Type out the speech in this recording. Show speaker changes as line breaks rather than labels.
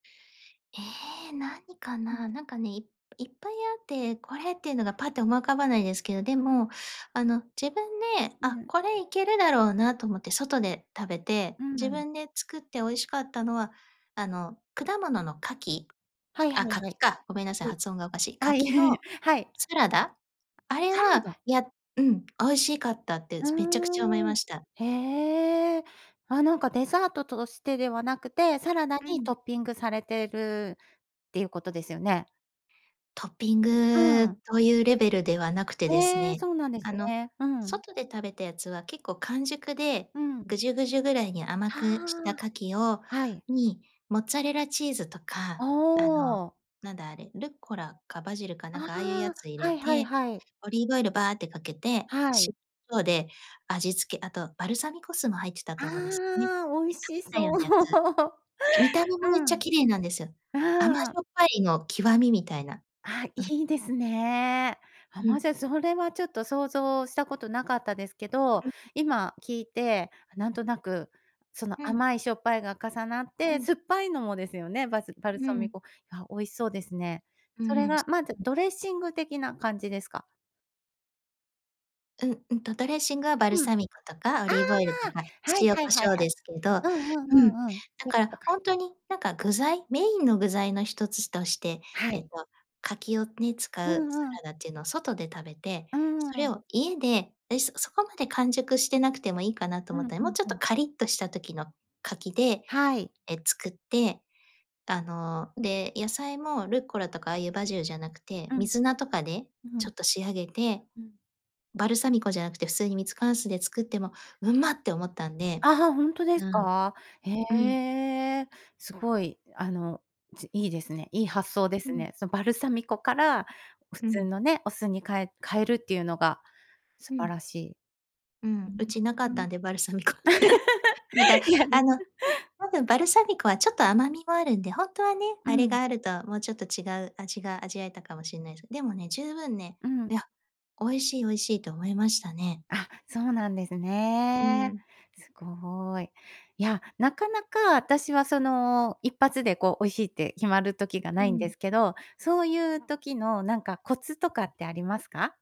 ええ、何か
う
な。
ん。
なんかね、いっぱいあって、これっていうのがパッと思い浮かばないですけど、で
うん。
も、あの自分で
う
「あ、
ん。
これいけるだろうな」と思って外で食べて、
うー
自
ん。
分で作って美味しかったのは、あの果物の柿、
はいは
あ、
いは
柿
い。
か、ごめんなさい、発音がおかしい。
はい。はい。
柿の
はい。
サラダ。あれ
サラ
は、
ダ。
やうん、美味しかったって
ふ
めちゃくちゃ思い
ー
ま
ん。
した。
へえ。あ、なんかデザートとしてではなくて、サラダ
う
に
ん。
トッピングされているっていうことですよね。
トッピン
う
グ
ん。
というレベルではなくてです
へえ、
ね、
そうなんです
あの、
ね。うん。
外で食べたやつは結構完熟で、
うん。
ぐじゅぐじゅぐらいに甘
あ
くした柿を
あ。はい。
に、モッツァレラチーズと
お
か、あの
お。
なんだあれ、ルッコラかバジルかな
あ
んかああいうや
あ。
つ入
は
れ
いはい
て、
はい。
オリーブオイルばあってかけて、
はい。
塩で味付け、あとバルサミコ酢も入ってたと思うんですね。
ああ、美味し
[unintelligible] た
そ
よ
う。
うなやつ。見た目
う
もめっちゃ
ん。
綺麗なんですよ。
う
甘じ
ーん。
ょっぱいの極みみたいな。
あ、
うん。
いいですね。あ、
う
ま、じ
ん。
ゃそれはちょっと想像したことなかったですけど、
うん。
今聞いてなんとなくその
うん。
甘いしょっぱいが重なっ
う
て、
ん。
酸っぱいのもですよね、バスバル
うー
サミ
ん。
コ。や、美味しそうですね。
う
それ
ーん。
がまずドレッシング的な感じですか？
うん。うんと、ドレッシングはバル
うん。
サミコとかオ
あ
リーブオイルとか、
あ。はい
塩
はい
コ
は
シ
い
ョウ
はい。
ですけどう
うんうんう
ん、
んうん。そ
だ
ういう
か
こ
ら
とか。
本当になんか、具材、メインの具材の一つとして、
は
えっ
い。
と柿をね、使
う
うサ
んうん。
ラダっていうのを外で食べて、
うー
それ
ん。
を家でで、そこまで完熟してなくてもいいかなと
う
思
ん
った。
う
もう
ん
ちょっ
う
と
ん。
カリッとした時の柿で、
はい。
え、作って、あの、で、野菜もルッコラとか、ああいうバジルじゃなくて、
うん。
水菜とかで
う
ちょ
ん。
っと仕上げて、
うん。
バルサミコじゃなくて普通にミツカン酢で作っても「うま！」って思ったんで。
あ、は、本当で
う
す
ん。
か？へ
うん。
え。すごいあの、ついいですね。いい発想で
う
す
ん。
ね。そのバルサミコから、普
う
通
ん。
のね、お酢に、かえ変えるっていうのが素
う
晴
ん。
らしい。
うん。う
[unintelligible]
ちなかった んで、バルサミコ。だから、
いや。
あの、多分バルサミコはちょっと甘みもあるんで、本当はね、
う
あれ
ん。
があるともうちょっと違う味が味わえたかもしんないです。でもね、十分ね
うん。
「いや、美味しい、美味しい」と思いましたね。
あ、そうなんです
うー
ね。
ん。
すごい。いや、なかなか私はその一発でこう美味しいって決まる時が
う
ないんで
ん。
すけど、そういう時のなんかコツとかってありますか？